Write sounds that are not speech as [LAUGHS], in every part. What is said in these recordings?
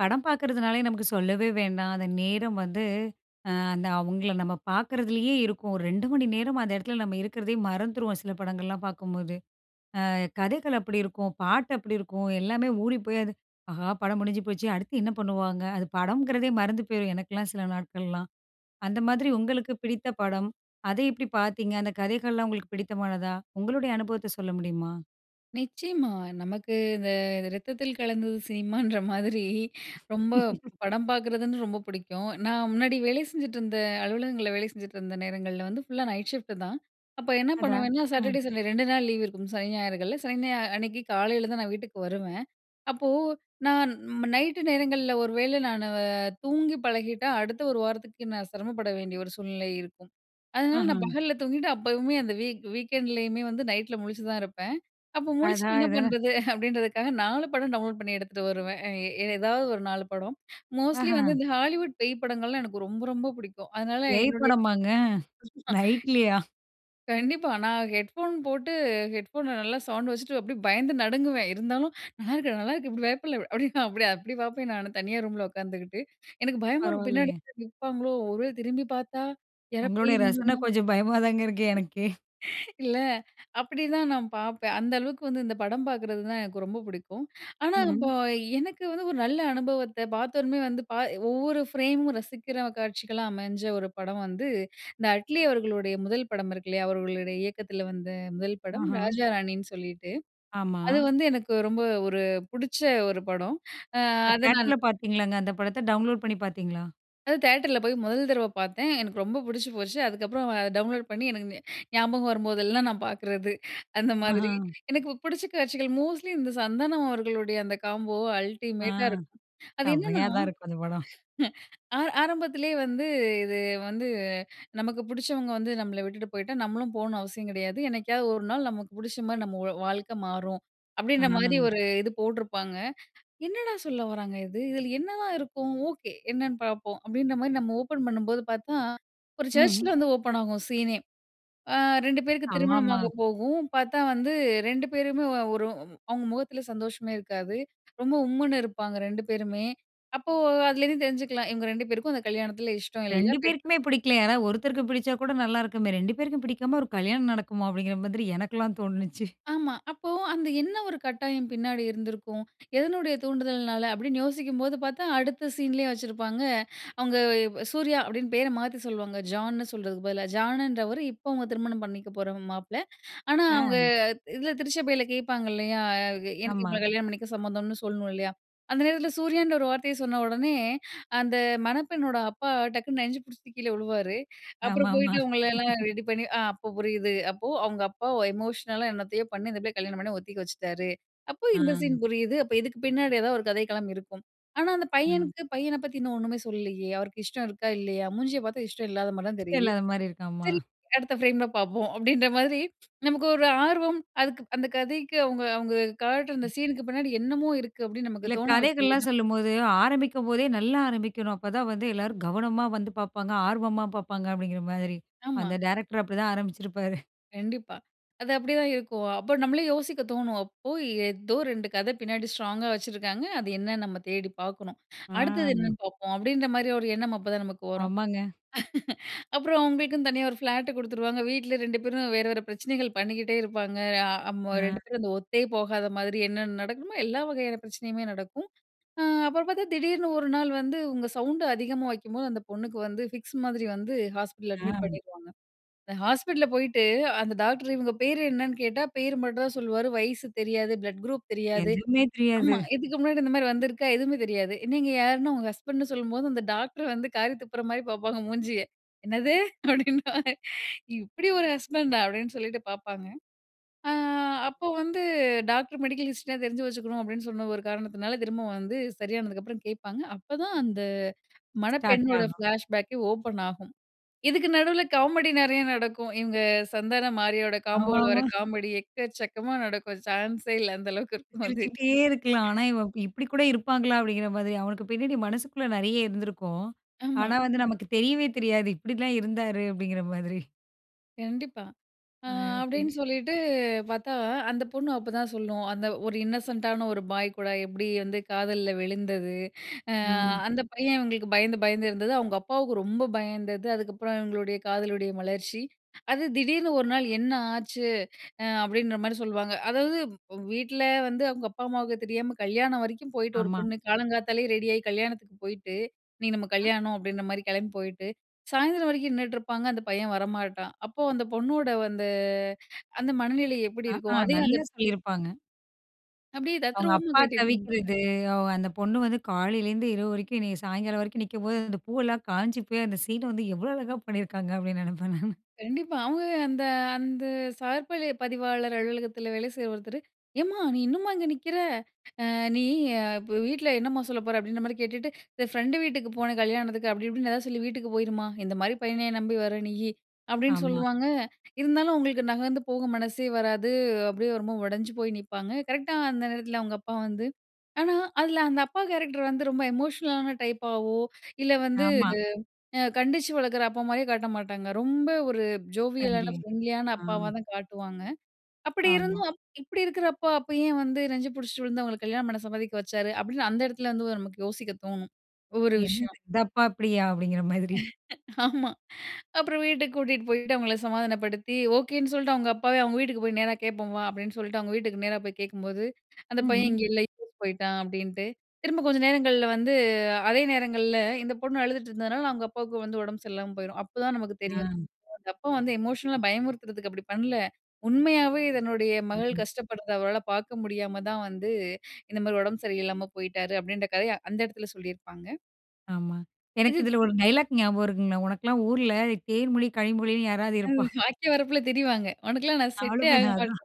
படம் பாக்கறதுனாலே நமக்கு சொல்லவே வேண்டாம். அந்த நேரம் வந்து அ அந்த அவங்கள நம்ம பாக்கறதுலேயே இருக்கும். ஒரு 2 மணி நேரம் அந்த இடத்தில நம்ம இருப்பதையே மறந்துருவோம். சில படங்கள்லாம் பாக்கும்போது, அ கதைகள் அப்படி இருக்கும், பாட்டு அப்படி இருக்கும், எல்லாமே ஓடிப்போய் அது ஆஹா, படம் முடிஞ்சு போச்சே அடுத்து என்ன பண்ணுவாங்க? அது படங்கிறதே மறந்து போயிரும். எனக்கெலாம் சில நாட்கள்லாம், அந்த மாதிரி உங்களுக்கு பிடித்த படம் அத எப்படி பாத்தீங்க? அந்த கதைகள்லாம் உங்களுக்கு பிடித்தமானதா? உங்களுடைய அனுபவத்த சொல்ல முடியுமா? நிச்சயமா, நமக்கு இந்த ரத்தத்தில் கலந்தது சினிமான்ற மாதிரி ரொம்ப [LAUGHS] படம் பாக்கறதுன் ரொம்ப புடிக்கும். நான் முன்னாடி வேலை செஞ்சுட்டிருந்த அலுவலகங்கள்ல வேலை செஞ்சுட்ருந்த நேரங்கள்ல வந்து ஃபுல்லா நைட் ஷிஃப்ட் தான். அப்ப என்ன அடா! பண்ணுவேனா ம். சாட்டர்டே, சண்டே 2 நாள் லீவ் இருக்கும். சனி, ஞாயிறுகள்ல சனி ஞாயிறு அன்னிக்கு காலைல தான் நான் வீட்டுக்கு வருவேன். அப்போ, நான் நைட்‌டு நேரங்கள்ல ஒரு வேள நானு தூங்கி பழகிட்டா அடுத்த ஒரு வாரத்துக்கு நான் சிரமப்பட வேண்டிய ஒரு சூழ்நிலை இருக்கும். அதனால நான் ம்ஹும். பகல்ல தூங்கிட்டு அப்பவுமே அந்த வீக் வீக்கெண்ட்லயுமே வந்து நைட்ல முழிச்சு தான் இருப்ப. அப்ப முழிச்சிட்டு என்ன அடாடா. பண்றது? [CHUCKLES] அப்டின்றதுக்காக 4 படம் டவுன்லோட் பண்ணி எடுத்துட்டு வருவேன். ஏ ஏதாவது ஒரு 4 படம். மோஸ்ட்லி வந்து அஹ. இந்த ஹாலிவுட் பேய் படங்கள்லாம் எனக்கு ரொம்ப ரொம்ப புடிக்கும். அதனால பேய் என்னுடைய படமாங்க? [LAUGHS] நைட்லயா? கண்டிப்பா, நான் ஹெட்ஃபோன் போட்டு ஹெட்ஃபோன்ல நல்லா சவுண்ட வச்சுட்டு அப்டியே பயந்து நடுங்குவேன். இருந்தாலும் நல்லாருக்கு நல்லாருக்கு இப்டி பயப்டல அப்டி அப்டி அப்டி பாப்பேன் நானு தனியா ரூம்ல உட்காந்துகிட்டு, எனக்கு பயமா இருக்கும் பின்னாடி பரவால்லையே. நிப்பாங்களோ? ஒருவேல திரும்பி பாத்தா? யாரோ பேய் உங்களுடைய ரசன இருந்துருமோ? கொஞ்சம் பயமாதாங்க இருக்கு எனக்கே. [CHUCKLES] இல்ல, அப்டிதான் நான் பாப்பேன் அந்த அளவுக்கு வந்து இந்த படம் பாக்கறது தான் எனக்கு ரொம்ப பிடிக்கும். ஆனா ம்ஹும். இப்போ எனக்கு வந்து ஒரு நல்ல அனுபவத்த பாத்தோன வந்து, பா ஒவ்வொரு ஃப்ரேம் ரசிக்கிற காட்சிகள்லாம் அமைஞ்ச ஒரு படம் வந்து, இந்த அட்லி அவர்களுடைய முதல் படம் இருக்கில்லையா? அவர்களுடைய இயக்கதில வந்த முதல் படம் ஆஹா. ராஜா ராணின்னு, சொல்லிட்டு ஆமா. அது வந்து எனக்கு ரொம்ப ஒரு புடிச்ச ஒரு படம். அ அ அத நான் தேட்டர்ல பாத்தீங்களாங்க? அந்த படத்த டவுன்லோட் பண்ணி பாத்தீங்களா? அது தியேட்டர்ல போய் முதல் தடவ பார்த்தேன். எனக்கு ரொம்ப புடிச்சு போச்சு. அதுக்கப்புறம் அத டவுன்லோட் பண்ணி, எனக்கு ஞாபகம் வரும்போதெல்லாம் நான் பார்க்கிறது. அந்த ஆஹா! மாதிரி. எனக்கு புடிச்ச காட்சிகள் மோஸ்ட்லி இந்த சந்தானம் அவர்களுடைய அந்த காம்போ ஆ அல்டிமேட்டா இருக்கும். அது என்னன்னா செம்மையா தான் இருக்கும் அந்த படம். [LAUGHS] ஆ ஆரம்பத்திலே வந்து, இது வந்து, "நமக்கு புடிச்சவங்க வந்து நம்பள விட்டுட்டு போயிட்டா, நம்மளும் போகணும்ன்னு அவசியம் கிடையாது. என்னைக்காவது ஒரு நாள் நமக்கு புடிச்சமாரி நம்மளோட வாழ்க்கை மாறும்." ஆ. அப்படீன்றமாரி ஒரு இது போட்டிருப்பாங்க. "என்னடா சொல்ல வராங்க இது. இதுல என்ன தான் இருக்கும்? ஓகே என்னன்னு பார்ப்போம்." அப்படீன்றமாரி நம்ம ஓப்பன் பண்ணும்போது பார்த்தா, ஒரு ம்ஹ்ம். சர்ச்சில வந்து ஓப்பன் ஆகும் சீனே! ஆ 2 பேருக்கு ஆமாமா. திருமணமாக போகும், பார்த்தா வந்து 2 பேருமே ஒ ஒரு அவுங்க முகத்தில சந்தோஷமே இருக்காது. ரொம்ப உம்முன்னு இருப்பாங்க 2 பேருமே. அப்போ அதிலேருந்து தெரிஞ்சுக்கலாம், இவுங்க 2 பேருக்கும் அந்த கல்யாணத்தில இஷ்டம் இல்ல 2 [UNINTELLIGIBLE] பேருக்குமே பிடிக்கல. யாராவது ஒருத்தருக்கு பிடிச்சாக் கூட நல்லா இருக்குமே. "2 பேருக்கும் பிடிக்காம ஒரு கல்யாணம் நடக்குமா?" அப்படீங்கிற மாதிரி எனக்குலாம் தோணுனுச்சு. ஆமா. அப்போ அந்த, "என்ன ஒரு கட்டாயம் பின்னாடி இருந்திருக்கும்? எதனுடைய தூண்டுதல்னால?" அப்படீன்னு யோசிக்கும்போது பார்த்தா, அடுத்த சீன்லயே வச்சிருப்பாங்க. அவுங்க சூர்யா அப்படீன்னு பேர மாத்தி சொல்வாங்க, ஜான்னு சொல்றதுக்கு பதிலா. ஜான்னுன்றவரு இப்ப அவுங்க திருமணம் பண்ணிக்க போற மாப்பிளை. ஆனா, அவுங்க அ. இதுல திருச்சபையில கேட்பாங்க இல்லையா? எனக்கு ஆமா. இவுங்கள கல்யாணம் பண்ணிக்க சம்மந்தம்ன்னு சொல்லணும் இல்லையா? அந்த நேரத்தில சூர்யான்ற ஒரு வார்த்தைய சொன்ன ஒடனே, அந்த மணப்பெண்ணோட அப்பா டக்குன்னு நெஞ்ச புடிச்சிட்டு கீழ வுழுவாரு. அப்பறம் ஆமாமா. போயிட்டு அவுங்களல்லாம் [LAUGHS] ரெடி பண்ணி அ அப்ப புரியுது. அப்போ அவுங்க அப்பா ஒ எமோஷனலா என்னத்தையோ பண்ணி, இந்த பிள்ளைய கல்யாணம் பண்ண ஒத்துக்க வச்சுட்டாரு. அப்ப ஆ. இந்த சீன் புரியுது. அப்ப, இதுக்கு பின்னாடி எதாவது ஒரு கதைக்களம் இருக்கும். ஆனா, அந்த அ. பையனுக்கு "பையன பத்தி இன்னும் ஒன்னுமே சொல்லலயே. அவருக்கு இஷ்டம் இருக்கா? இல்லையா? மூஞ்சிய பார்த்தா இஷ்டம் இல்லாதமாரி தான் இஷ்டம் தெரியுது. இல்லாதமாரி இருக்காமா. சரி, அடுத்த ஃப்ரேம்ல பார்ப்போம்." அப்படீன்ற மாதிரி, நமக்கு ஒரு ஆர்வம், "அதுக்கு அந்த கதைக்கு அவுங்க அவுங்க காட்டுற அந்த ம். சீனுக்கு பின்னாடி என்னமோ இருக்கு." அப்படீன்னு நமக்கு இல்ல. தோண வைக்குது "கதைகள்லாம் தான் சொல்லும்போது, ஆரம்பிக்கும்போதே நல்லா ஆரம்பிக்கணும். அப்ப தான் வந்து எல்லாரும் கவனமா வந்து பார்ப்பாங்க. ஆர்வமா பார்ப்பாங்க." அப்படீங்கிற மாதிரி. ஆமா. அந்த டைரக்ட்ரு அப்படிதான் ஆரம்பிச்சிருப்பாரு. கண்டிப்பா. அது அப்படி தான் இருக்கும். அப்ப நம்மளே யோசிக்க தோணும். அப்போ ஏதோ 2 கத பின்னாடி ஸ்ட்ராங்‌கா வச்சிருக்காங்க. அது என்னன்னு நாம தேடி பார்க்கணும். அடுத்தது என்னன்னு ஆ. பார்ப்போம். அப்படின்ற மாரி ஒரு எண்ணம் அப்பதான் நமக்கு வரும். ஆமாங்க. [LAUGHS] அப்புறம் அவங்களுக்குன்னு தனியா ஒரு ஃப்ளாட்டு குடுத்துருவாங்க. வீட்ல 2 பேரும் வேற வேற பிரச்சனைகள் பண்ணிக்கிட்டே இருப்பாங்க. அ அ அமு அ. 2 பேரும் அந்த ஒத்தே போகாத மாதிரி என்னென்ன நடக்கணுமோ, எல்லா வகையான பிரச்சனையுமே நடக்கும். அ அப்புறம் பார்த்தா திடீர்னு 1 நாள் வந்து, "இவுங்க சவுண்ட் அதிகமா வைக்கும்போது" அந்த பொண்ணுக்கு வந்து, ஃபிக்ஸ் மாதிரி வந்து ஹாஸ்பிட்டல்ல அட்மிட் அ. பண்ணிடுவாங்க. அந்த ஹாஸ்பிட்டல்ல போய் போயிட்டு அந்த டாக்டர் இவுங்க பேரு என்னன்னு கேட்டா, பேரு மட்டும் தான் சொல்லுவாரு. வயசு தெரியாது, ப்ளட் குரூப் தெரியாது, எதுவுமே தெரியாது. ஆமா, இதுக்கு முன்னாடி இந்த மாதிரி வந்திருக்கா? எதுவுமே தெரியாது. நீங்க யாரு? ன்னா "இவுங்க ஹஸ்பண்டு"ன்னு சொல்லும்போது, அந்த டாக்டர் வந்து காரி துப்புற மாரி பார்ப்பாங்க மூஞ்சிய. "என்னது?" [CHUCKLES] அப்டின்பாரு "இப்டி ஒரு ஹஸ்பண்டா" அப்டின்னு சொல்லிட்டு பார்ப்பாங்க. ஆ அப்போ வந்து டாக்டர் மெடிக்கல் ஹிஸ்ட்ரி யா தெரிஞ்சு வச்சுக்கணும். அப்படின்னு சொன்ன ஒரு காரணத்தினால திரும்ப வந்து சரியானதுக்கப்புறம் கேட்பாங்க. அப்பதான் அந்த ஸ்டார்ட் மணப்பெண்ணோட ஆகும். ஃப்ளாஷ்பேக்கே ஓப்பன் ஆகும். இதுக்கு நடுவுல காமெடி நெறையா நடக்கும். இவங்க சந்தானம் மாரியோட காம்போவுல வர்ற ஆமாமா. காமெடி எக்கச்சக்கமா நடக்கும். சான்ஸே இல்ல அந்த அளவுக்கு இருக்கும். அது. சிரிச்சுக்கிட்டே இருக்கலாம். ஆனா இவன் இப்டி கூட இருப்பாங்களா? அப்படிங்கிற மாதிரி, அவனுக்கு பின்னாடி மனசுக்குள்ள நெறைய இருந்திருக்கும். ஆமா. ஆனா வந்து நமக்கு தெரியவே தெரியாது, இப்டில்லாம் இருந்தாரு அப்டிங்கிற மாதிரி. கண்டிப்பா. அ ஆ, சரி. அப்பிடீன்னு சொல்லிட்டு பார்த்தா, அந்த பொண்ணு அப்பதான் சொல்லும், அந்த ஒரு இன்னசென்ட்டான ஒரு பாய் கூட எப்பிடி வந்து காதல்ல விழுந்தது? அ ம். அந்த பையன் இவுங்களுக்கு பயந்து, பயந்து இருந்தது, அவுங்க அப்பாவுக்கு ரொம்ப பயந்தது, அதுக்கப்பறம் இவுங்களுடைய காதலுடைய மலர்ச்சி. அது திடீர்னு ஒரு நாள் என்ன ஆச்சு? அ அப்பிடீன்றமாரி சொல்லுவாங்க. அதாவது வ் வீட்ல வந்து அவுங்க அப்பா, அம்மாவுக்கு தெரியாம கல்யாணம் வரைக்கும் போயிட்டு ஒரு ஆமா. பொண்ணு காலங்காத்தாலே ரெடியாயி கல்யாணத்துக்கு போயிட்டு, இன்னக்கி நம்ம அ. கல்யாணம் அப்பிடீன்றமாரி கிளம்பி போயிட்டு, சாயந்திரம் வரைக்கும் நின்னுட்டு இருப்பாங்க. அந்த பையன் வரமாட்டான். அப்போ அந்த பொண்ணோட அந்த, அந்த மனநிலை எப்பிடி ஆ, ஆ இருக்கும்? அதையும் அந்த நல்லா சொல்லியிருப்பாங்க. அப்பிடியே அவுங்க தத்துருவமா அப்பா காட்டியிருப்பாங்க. தவிக்கிறது, அவ அந்த பொண்ணு வந்து காலையிலிருந்து இரவு வரைக்கும் என்னைய சாயங்காலம் வரைக்கும் நிக்கும்போது, அந்த பூவெல்லாம் காய்ஞ்சி போய், அந்த சீன் வந்து எவ்ளோ அழகா பண்ணியிருக்காங்க? அப்பிடீன்னு நினைப்பேன் நானு கண்டிப்பா. அவுங்க அந்த, அந்த சார் பளி பதிவாளர் அலுவலகத்தில வேலை செய்ற ஒருத்தரு, "ஏம்மா! நீ இன்னும்மா இங்க நிக்கிற? அ நீ இப்ப வீட்ல என்னம்மா சொல்லப்போற? அப்பிடீன்றமாரி கேட்டுட்டு, இந்த ஃப்ரெண்டு வீட்டுக்கு போனேன், கல்யாணத்துக்கு அப்பிடி, இப்பிடின்னு எதாச்சு சொல்லி வீட்டுக்கு போயிரும்மா! இந்தமாரி பையனயா நம்பி வர நீயி?" அப்பிடீன்னு ஆமா. சொல்லுவாங்க, இருந்தாலும் அவுங்களுக்கு நகர்ந்து போக மனசே வராது. அப்பிடியே ரொம்ப உடஞ்சு போய் நிப்பாங்க. கரெக்ட்டா அந்த நேரத்தில அவுங்க அப்பா வந்து ஆனா, அதில அந்த அப்பா கேரக்ட்ரு வந்து ரொம்ப எமோஷனலான டைப்பாவோ! இல்ல வந்து ஆமா. அ கண்டிச்சு வளர்க்கிற அப்பா மாரியே காட்ட மாட்டாங்க. ரொம்ப ஒரு ஜோவியலான, [UNINTELLIGIBLE] ஃப்ரெண்ட்லியான ஆ அப்பாவா தான் காட்டுவாங்க. அப்பிடி ஆமா. இருந்தும், இப்பிடி இருக்கிற அப்பா, அப்ப ஏன் வந்து நெஞ்சு பிடிச்சிட்டு விழுந்து அவுங்களுக்கு கல்யாணம் பண்ண சம்மதிக்க வச்சாரு? அப்பிடீன்னு அந்த இடத்துல வந்து நமக்கு யோசிக்க தோணும். ஒவ்வொரு என்னது? விஷயம். இந்த அப்பா அப்பிடியா? அப்பிடிங்கிற மாதிரி. [LAUGHS] ஆமா. அப்புறம் வீட்டுக்கு கூட்டிட்டு போயிட்டு, அவுங்கள சமாதானப்படுத்தி, ஓகேன்னு சொல்ட்டு அவுங்க அப்பாவே அவுங்க வீட்டுக்கு போய் நேரா கேட்போம் வா! அப்பிடின்னு சொல்லிட்டு, அவுங்க வீட்டுக்கு நேரா போய் கேட்கும்போது, அந்த பையன் ம்ஹ்ம். இங்கே இல்ல, யூஎஸ் போயிட்டான் அப்பிடின்ட்டு, திரும்ப கொஞ்ச நேரங்கள்ல வந்து அதே நேரங்கள்ல இந்த பொண்ணு அழுதுட்டு இருந்ததுனால, அவுங்க அப்பாவுக்கு வந்து உடம்பு சரியில்லாம போயிரும். அப்பதான் நமக்கு தெரியும். ஆ. அவுங்க அப்பா வந்து எமோஷனலா பயமுறுத்துறதுக்கு அப்பிடி பண்ல. உண்மையாவே தன்னுடைய மகள் ஆ. கஷ்டப்படுறத அவரால பார்க்க முடியாம தான் வந்து, இந்த மாரி உடம்பு சரியில்லாம போயிட்டாரு, அப்பிடீன்ற கதைய அந்த இடத்தில சொல்லியிருப்பாங்க. ஆமா. எனக்கு இதுத் இதுல 1 டயலாக் ஞாபகம் இருக்குங்களா? "உனக்கெல்லாம் ஊர்ல, தேன்மொழி கனிமொழின்னு யாராவது அ இருப்பா?" [SNORTS] "வாய்க்கா வரப்புல திரிவாங்க. உனக்கெல்லாம் நான் செட்டே ஆக அவளுமேதான் அதான் மாட்டேன்"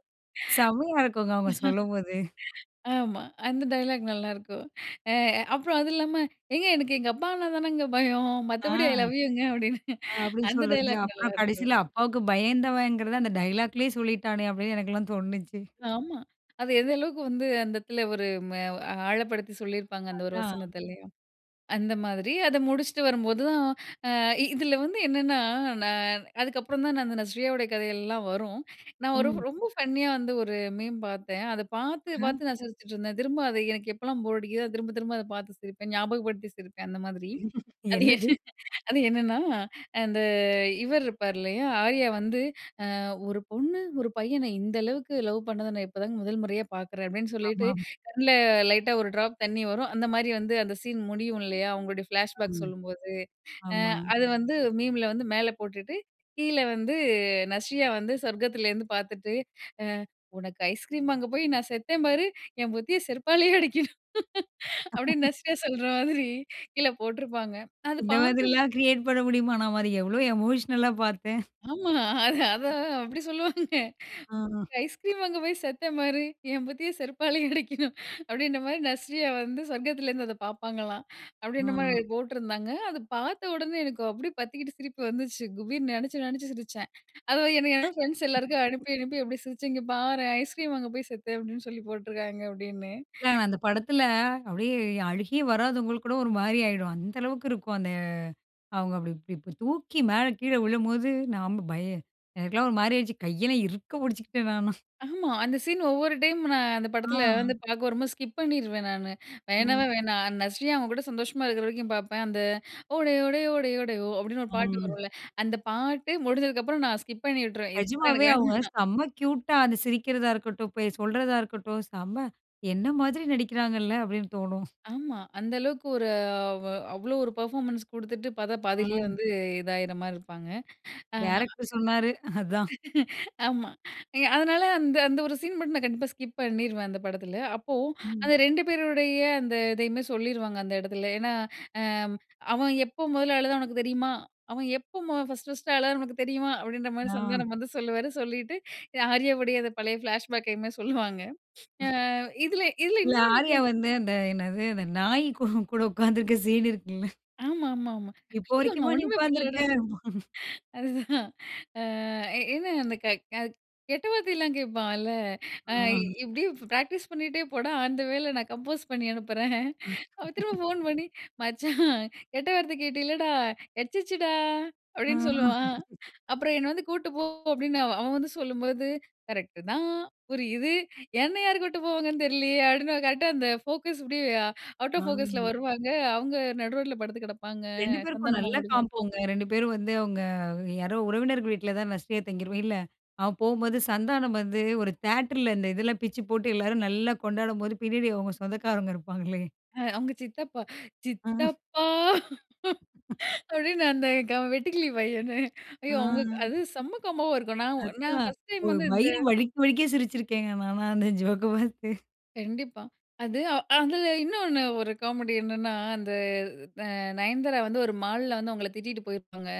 செம்மையா இருக்குங்க, அவுங்க சொல்லம்போது. [LAUGHS] ஆமா. அந்த டயலாக் நல்லாருக்கும். அ அப்புறம் அது இல்லாம "ஏங்க, எனக்கு எங்க அப்பானா தானங்க பயம். ஆ, மத்தபடி ஐ லவ் யூங்க!" [SNORTS] அப்பிடின்னு. அப்பிடீன்னு அந்த சொல்றது. டயலாக் அப்புறம் நல்லாருக்கும். கடைசில அப்பாவுக்கு பயந்தவன்கிறத, அந்த டயலாக்லயே சொல்லிட்டானே, அப்பிடீன்னு எனக்குலாம் தோணிச்சு. ஆமா. அது எந்த அளவுக்கு வந்து அந்த இடத்துல ஒரு ம ஆழப்படுத்தி சொல்லிருப்பாங்க அந்த ஒரு அதான். வசனத்த. இல்லயா? அந்த மாதிரி. அத முடிச்சுட்டு வரும்போதும். அ இ இதுல வந்து என்னென்னா, நான் அதுக்கப்புறம் தான் நான் அந்த நஸ்ரியாவோட கதையெல்லாம் வரும். நான் ஒரு ம். ரொம்ப ஃபன்னியா வந்து ஒரு மீம் பார்த்தேன். அத பார்த்து ஹ்ம். பார்த்து நான் சிரிச்சிட்டுருந்தேன். திரும்ப அதை எனக்கு எப்போலாம் போர் அடிக்குதோ அது திரும்ப திரும்ப அதை பார்த்து சிரிப்பேன். ஞாபகப்படுத்தி சிரிப்பேன், அந்த மாதிரி. [UNINTELLIGIBLE] இது அது என் என்னது? [CHUCKLES] அது என்னன்னா, அந்த இவரு இருப்பாரு, இல்லையா? ஆர்யா வந்து அ "1 பொண்ணு, 1 பையன இந்த அளவுக்கு லவ் பண்ணத நான் இப்போதாங்க முதல் முறையா பார்க்குறேன்" அப்பிடின்னு சொல்லிட்டு ஆமாமா. கண்ல லைட்டா ஒரு ட்ராப் தண்ணி வரும். அந்த மாரி வந்து அந்த சீன் முடியும், இல்லையா? அவங்களுடைய ஃப்ளாஷ் பேக் அம். சொல்லும்போது, அ ஆமா. அது வந்து மீம்ல வந்து மேல போட்டுட்டு, கீழ வந்து நஸ்ரியா வந்து சொர்க்கத்தில இருந்து பார்த்துட்டு, அ "உனக்கு ஐஸ்கிரீம் வாங்க போய், நான் செத்தேன் பாரு. என் புத்திய செருப்பாலயே அடிக்கணும்" [CHUCKLES] அப்பிடீன்னு [LAUGHS] நஸ்ரியா சொல்ற மாதிரி, கீழ போட்டுருப்பாங்க. அது இந்த பாக்கும் மாதிரிலாம் கிரியேட் பண்ண முடியுமான்ன மாரி, நாம அது எவ்ளோ எமோஷனலா பார்த்தேன். ஆமா. அது அத அப்பிடி சொல்லுவாங்க. அஹா. "ஐஸ்கிரீம் வாங்க போயி செத்தேன்பாரு, என் புத்திய செருப்பாலய அடிக்கணும்" [CHUCKLES] அப்பிடீன்ற மாரி நஸ்ரியா வந்து சொர்க்கத்திலருந்து அத பாப்பாங்களாம். அப்பிடீன்ற மாதிரி அ. அதுல போட்டுருந்தாங்க. அத பார்த்த உடனே, எனக்கு அப்டியே பத்திக்கிட்டு, சிரிப்பு வந்துச்சு குபீர்னு நெனச்சி நெனச்சு சிரிச்சேன். அது எனக்கு என்ன ஃப்ரெண்ட்ஸ் எல்லாருக்கும் அனுப்பி அனுப்பி அப்படி சிரிச்சு இங்க பாரேன். "ஐஸ்கிரீம் வாங்கே போய் செத்தேன்" அப்பிடீன்னு சொல்லி போட்டுருக்காங்க, அப்பிடீன்னு. இல்ல, அந்த படத்துல அப்பிடீயே அழுகையே வராதவங்களுக்கு கூட, ஒரு மாரி ஆயிடும். அந்த அளவுக்கு இருக்கும். அந்த அவுங்க அப்டி இப்டி தூக்கி மேல கீழ விழும்போது, நாம பய எனக்கெல்லாம் ஒரு மாரி ஆயிடுச்சு. கையெல்லாம் இறுக்க புடுச்சுக்கிட்டேன் நானும். ஆமா. அந்த சீன் ஒவ்வொரு டைம் நான் அந்த படத்துல வந்து ஆ. பார்க்க வரும்போது, ஸ்கிப் பண்ணிருவேன் நானு. ம். வேணவே வேணாம். நஸ்ரியா அவன் கூட சந்தோஷமா இருக்கிற வரைக்கும் பார்ப்பேன். அந்த "ஓடை ஓ டை ஓ டை ஓ டை ஓ!" அப்பிடீன்னு ஒரு பாட்டு ம். வரும்ல, அந்த பாட்டு முடிஞ்சதுக்கு அப்புறம், நான் ஸ்கிப் பண்ணி விட்டுருவேன். இதுக்கப்பறம் நிஜமாவே எனக்கு வேணாம். அவங்க [SNORTS] செம க்யூட்டா அந்த சிரிக்கிறதா இருக்கட்டும், போய் சொல்றதா இருக்கட்டும், செம, "என்ன மாதிரி நடிக்கிறாங்கல்ல!" அப்பிடீன்னு தோணும். ஆமா. அந்த அளவுக்கு ஒரு அ வ அவ்ளோ ஒரு பெர்ஃபார்மன்ஸ் குடுத்துட்டு, பார்த்தா பாதியிலயே ஆம். வந்து இதாயிற மாரி இருப்பாங்க. அ டைரக்டரு சொன்னாரு. அதான். [LAUGHS] ஆமா. இங்க அதனால, அந்த அந்த 1 சீன் மட்டும் நான் கண்டிப்பா ஸ்கிப் பண்ணிருவேன் அந்த படத்துல. அப்போ ம். அந்த 2 பேருடைய அந்த இதையுமே சொல்லிருவாங்க, அந்த எடத்துல. ஏன்னா, அ "அவன் எப்போ மொதல்ல அழுதான்னு உனக்கு தெரியுமா? அவன் எப்போ மொ ஃபர்ஸ்ட் ஃபர்ஸ்ட்டு அழுதான்னு உனக்கு தெரியுமா?" அப்பிடீன்ற மாரி ஆ. சந்தானம் வந்து சொல்லுவாரு. சொல்லிட்டு அ ஆர்யாவுடய அந்த பழைய ஃப்ளாஷ்பேக்கையுமே சொல்லுவாங்க. அ இதுல இதுல இல்ல. இன்னொன்னுதான். ஆர்யா வந்து அந்த என்னது அந்த நாய் கூ கூட உட்கார்ந்துருக்க சீன் இருக்குல்ல. [SNORTS] ஆமாமாமா. இப்போ ஐயயோ! வரைக்குமா, நான் நீ ஒண்ணுமே உக்கார்ந்திருக்க. பண்ணலடா. [CHUCKLES] [CHUCKLES] அதுதான் அ என்ன அந்த க கெ கெட்ட வார்த்தையெல்லாம் கேட்பான்ல அ ஆ. இப்டியே ப் ப்ராக்டிஸ் பண்ணிட்டே போடா! ஆன் த வேல நான் கம்போஸ் பண்ணி அனுப்புறேன். [CHUCKLES] அவன் திரும்ப ஃபோன் [LAUGHS] பண்ணி, "மச்சான் [SNORTS] கெட்ட வார்த்தை கேட்டேல்லடா, கெச்சிருச்சுடா." ஆ. அப்பிடீன்னு சொல்லுவான். [LAUGHS] அப்புறம் "என்னை வந்து கூப்டு போ" அப்பிடீன்னு அவன் வந்து சொல்லும்போது, "கரெக்ட்‌டு தான் புரியுது என்ன யாரு கூட்டு போவாங்கன்னு தெரிலயே?" அப்பிடீன்னு. கரெக்டா அந்த ஃபோக்கஸ் இப்படியே அவுட் ஆ. ஆஃப் ஃபோக்கஸ்ல வருவாங்க. அவுங்க நடு ரோட்ல படுத்து கிடப்பாங்க. 2 பேருக்கும் சந்தானமும் நல்லா அவுங்களோட ஃப்ரெண்ட்ஸும். காம்போங்க, 2 பேரும் வந்து அவுங்க, யாரோ உறவினர்கள் வீட்ல தான் நஸ்ரியா தங்கிருக்கும் இல்ல. அவன் போம்போது சந்தானம் வந்து ஒரு தியேட்டர்ல, இந்த இதெல்லாம் பிச்சு போட்டு, எல்லாரும் நல்லா கொண்டாடம்போது, பின்னாடி அவுங்க சொந்தக்காரங்க இருப்பாங்களே! அ அவுங்க சித்தப்பா, [SNORTS] "சித்தப்பா." [SNORTS] [LAUGHS] அப்பிடீன்னு, அந்த க வெட்டுக்கிளி பையனு. ஐயோ! ஆ. அவங்க அது செம்ம காம்போவா இருக்கும். நான் உ நான் அதான். ஃபர்ஸ்ட் டைமு ஒரு வந்து இந்த வயிறு வலிக்க வலிக்க சிரிச்சிருக்கேங்க, நான்லாம், அந்த ஜோக்க பாத்து. கண்டிப்பா. அது அதில இன்னொன்னு ஒரு காமெடி என்னன்னா, அந்த அ நயன்தாரா வந்து ஒரு மால்ல வந்து அவுங்கள திட்டிட்டு போயிருப்பாங்க.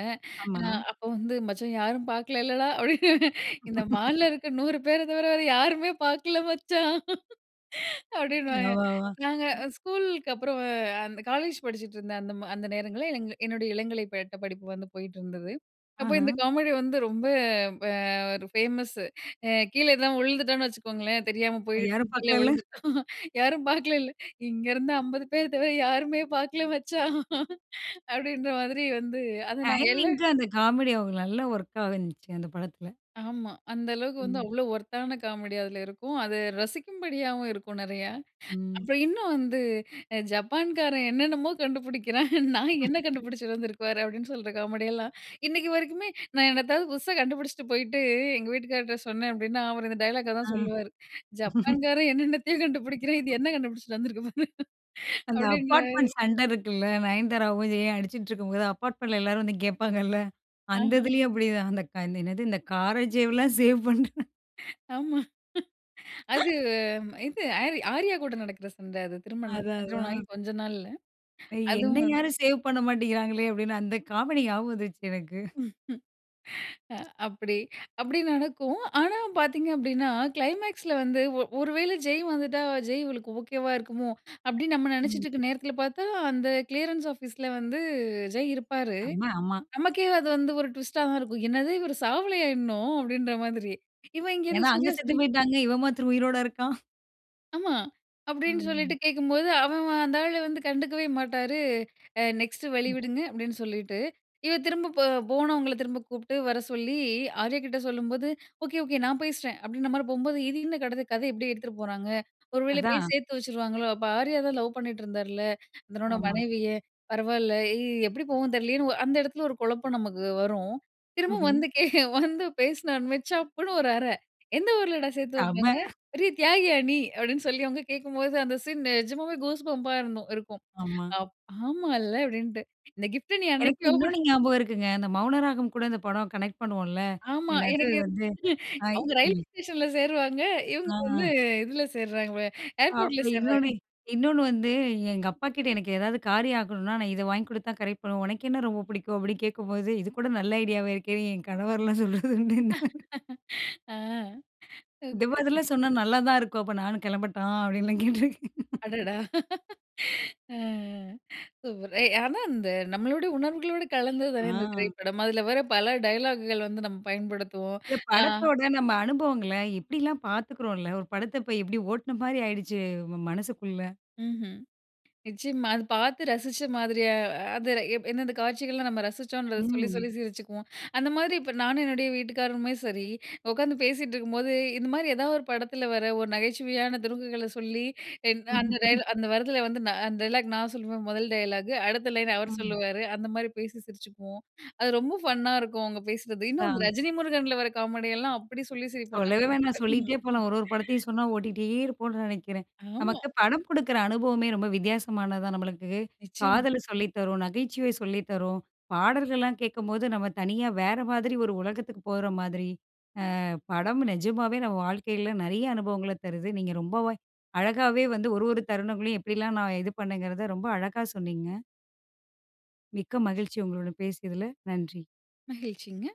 அ ஆமா. அப்போ வந்து "மச்சான் யாரும் பார்க்கலலேடா?" [CHUCKLES] அப்டீன்னு "இந்த [LAUGHS] மால்ல இருக்க 100 பேர தவிர வேற யாருமே பார்க்கல மச்சான்!" [CHUCKLES] அப்டீன்னுவாங்க. யவாவ்வா! நாங்க ஸ்கூலுக்கு அப்புறம் அந்த காலேஜ் படிச்சுட்ருந்தேன். அந்த ம அந்த நேரங்கள்ல எங் என்னுடைய இளங்கலை பட்டபடிப்பு வந்து போயிட்டிருந்தது. அப்போ இந்த ஆஹ. காமெடி வந்து ரொம்ப ப ஒரு ஃபேமஸு. அ கீழே எதுனா விழுந்துட்டோன்னு வச்சுக்கோங்களேன், தெரியாம அ போயிட்டு யாரும் கீழ பார்க்கலைல. விழுந்துட்டோம், "யாரும் பார்க்கலைல" "இங்கேருந்து 50 பேர் தவிர யாருமே பார்க்கல மச்சான்!" அப்பிடின்ற மாதிரி வந்து அத நாங்க எல்லா. டைமிங்‌க்கு அந்த காமெடி அவுங்களுக்கு நல்லா ஒர்க்காவுனுச்சு அந்த படத்தில. ஆமா. அந்த அளவுக்கு வந்து ம். அவ்ளோ ஒர்த்தான காமெடி அதில இருக்கும். அது ரசிக்கும்படியாவும் இருக்கும் நெறையா. ம். அப்புறம் இன்னும் வந்து, அ ஜப்பான்காரன் என்னென்னமோ கண்டுபிடிக்கிறான், [CHUCKLES] நாய் என்ன [LAUGHS] கண்டுபிடிச்சிட்டு வந்திருக்கு பாரு? அப்பிடின்னு சொல்ற காமெடியெல்லாம், இன்னக்கி வரைக்குமே நான் என்னதாவது புதுசா கண்டுபிடிச்சிட்டு போயிட்டு எங்க வீட்டுக்காரர்ட்ட சொன்னேன் அப்டீன்னா, அவரு இந்த டயலாக்க தான் ஆ. சொல்லுவாரு. ஜப்பான்காரன் என்னென்னத்தையோ கண்டுபிடிக்கிறான், இது [LAUGHS] என்ன கண்டுபிடிச்சிட்டு வந்துருக்கு பாரு! அந்த அப்டின்னுவாரு. அப்பார்ட்மெண்ட் சண்ட இருக்குல்ல. நயன்தாராவும், ஜெய்யும் அடிச்சிக்கிட்டு இருக்கும்போது, அப்பார்ட்மெண்ட்ல எல்லாரும் வந்து கேட்பாங்கள்ல. அந்த ஆஹ. இதுலேயும் அப்பிடிதான். அந்த க "என்னது இந்த கார சேவ்லாம் சேவ் பண்ற" [CHUCKLES] ஆமா. அது இது அரி ஆர்யா கூட நடக்குற சண்ட அது திருமணத் அதான், திருமணமாயி அதான். கொஞ்சம் நாள்ல. அதுவும் என்னை வந் யாரும் சேவ் பண்ண மாட்டீங்குறாங்களே அப்டின்னு, அந்த காமெடி ஞாபகம் வந்துருச்சு எனக்கு. அ அப்டி அப்டி நடக்கும். ஆனா பார்த்தீங்க அப்டீன்னா, கிளைமேக்ஸ்ல வந்து ஒ ஒரு வேளை ஜெய் வந்துட்டா ஜெய் இவளுக்கு ஓகேவா இருக்குமோ! அப்டீன்னு நம்ம ம். நெனைச்சிட்டுருக்குற நேரத்துல பார்த்தா, அந்த கிளியரன்ஸ் ஆஃபீஸ்ல வந்து ஜெய் இருப்பாரு. செம, ஆமா. நமக்கே அது வந்து ஒரு ட்விஸ்ட்டா தான் இருக்கும். "என்னது இவர் சாவலயா இன்னும்?" அப்டீன்ற மாதிரி. இவ இங்கே ஏன்னா இருந்து அங்க "சூர்யா செத்து சூர்யா" போயிட்டாங்க, இவன் மாத்திரம் உயிரோடு இருக்கான். ஆமா. அப்டின்னு ம். சொல்லிட்டு கேட்கும்போது, அவன் அந்த ஆளு வந்து கண்டுக்கவே மாட்டாரு. அ "நெக்ஸ்ட் வழி விடுங்க" அப்டின்னு சொல்லிட்டு, இவ திரும்ப போ போனவங்கள திரும்ப கூப்ட்டு வர சொல்லி ஆர்யாகிட்ட சொல்லும்போது, "ஓகே, ஓகே, நான் பேசுறேன்." அப்டீன்ற மாதிரி போம்போது, இது என்ன கட கதை இப்டி எடுத்துட்டு போறாங்க? ஒருவேள போய் அதான். சேர்த்து வச்சுடுவாங்களோ, அப்போ ஆர்யா தான் லவ் பண்ணிட்டு இருந்தார்ல? தன்னோட ஆமா. மனைவிய. பரவாயில்ல எ எப்டி போகும்னு தெரியலையேன்னு, அந்த எடத்ல ஒரு குழப்பம் நமக்கு வரும். திரும்பவும் ம்ஹ்ம். வந்து கே வந்து பேசுநோன்மே சப்புன்னு ஒரு அறை, "எந்த ஊர்லடா சேர்த்து வைப்பாங்க? செம. பெரிய தியாகியா நீ?" அப்டீன்னு சொல்லி அவங்க கேட்கும்போது, அந்த சீன் நிஜமாவே கூஸ் பம்பா இருந்தும் இருக்கும். ஆமா. அப் ஆமால்ல அப்டின்ட்டு. இந்த கிஃப்ட்ட நீ எனக்கு அன்னைக்கே ஓப்பன் இன்னொன்ணு ஞாபகம் இருக்குங்க. அந்த மௌனராகம் கூட இந்த படம் கனெக்ட் பண்ணுவோம்ல. ஆமா. என்னது எனக்கு வந்து ஹாய் அவுங்க ரயில்வே ம். ஸ்டேஷன்ல சேருவாங்க. இவுங்க வந்து ஆ இதுல சேர்றாங்க. ஏர்போர்ட்‌ல அப்புறம் சேர்றாங்க. இன்னொன்னு, இன்னொன்னு வந்து எங்க அப்பாக்கிட்ட எனக்கு ஏதாவது காரியம் ஆகணும்னா நான் இத வாங்கி கொடுத்துதான் கரெக்ட் பண்ணுவேன். உனக்கென்ன ரொம்ப பிடிக்கும்? அப்டின்னு கேட்கும்போது இது கூட நல்ல ஐடியாவா இருக்கேன்னு என் கணவர்லாம் சொல்றதுண்டுனே. [LAUGHS] ஆ ஓகே. டிவர்ஸ்செல்லாம் சொன்னா நல்லா தான் இருக்கும். "அப்ப நானும் கிளம்பட்டா?" அப்டீன்னுலாம் கேட்டுருக்கேன். [LAUGHS] அடடா! [LAUGHS] அ, அ. சூப்பர் ஏய் ஆனா இந்த நம்மளோட உணர்வுகளோடு கலந்தது தானே இந்த ஆ. திரைப்படம். அதுல வர பல டயலாக்குகள் வந்து நம்ம பயன்படுத்துவோம். இல்ல ஆ படத்தோட நம்ம அனுபவங்கள எப்டில்லாம் பார்த்துக்றோம்ல, ஒரு படத்த இப்போ எப்டி ஓட்ன மாரி ஆய்டுச்சு ம மனசுக்குள்ள. ம்ஹ்ம் நிச்சயமா. அது பார்த்து ரசிச்ச மாதிரியா அ அது எந்தெந்த காட்சிகள்லாம் நம்ம ரசிச்சோன்றத சொல்லி ம். சொல்லி சிரிச்சுக்குவோம். அந்த மாரி இப்போ நானும் என்னோட வீட்டுக்காரருமே சரி, உட்காந்து பேசிட்டு இருக்கும்போது, இந்த மாதிரி ஏதாவது ஒரு படத்ல வர்ற ஒரு நகைச்சுவையான துருக்குகள சொல்லி எ அந்த டயலாக் [CHUCKLES] அந்த வர்றத்ல வந்து அந்த டயலாக் நான் சொல்லுவேன் மொதல் டயலாக்கு, அடுத்த லைன் அவர் ம். சொல்லுவாரு. அந்த மாதிரி பேசி சிரிச்சிக்குவோம். அது ரொம்ப ஃபன்னா இருக்கும். அவுங்க பேசுறது. இன்னும் அந்த ஹான். ரஜினி முருகன்ல வர்ற காமெடியெல்லாம் அப்டி சொல்லி சிரிப்போம், நாங்க சொல்லவே 2 வேணாம். பேரும். சொல்லிட்டே போலாம், ஒரு ஒரு [INHALES] படத்தையும் சொன்னா ஓட்டிட்டே இருப்போம்னு நெனைக்கிறேன். ஆமா. நமக்கு படம் குடுக்குற அனுபவமே ரொம்ப வித்தியாசமானது தான், நம்மளுக்கு நிச்சயமா. காதல சொல்லி தரும், நகைச்சுவை சொல்லி தரும், பாடல்கள்லாம் கேட்கும்போது நம்ம தனியா வேற மாதிரி ஒரு உலகத்துக்கு போற மாதிரி, அ படம் நிஜமாவே நம்ம வாழ்க்கைல நெறைய அனுபவங்கள தருது. நீங்க ரொம்பவே, அழகாகவே வந்து ஒரு ஒரு தருணங்களையும் எப்டிலாம் நான் இது பண்ணேன்ங்கிறத ரொம்ப அழகா சொன்னிங்க. மிக்க மகிழ்ச்சி, உங்களுடன் பேசியதுல நன்றி. மகிழ்ச்சிங்க.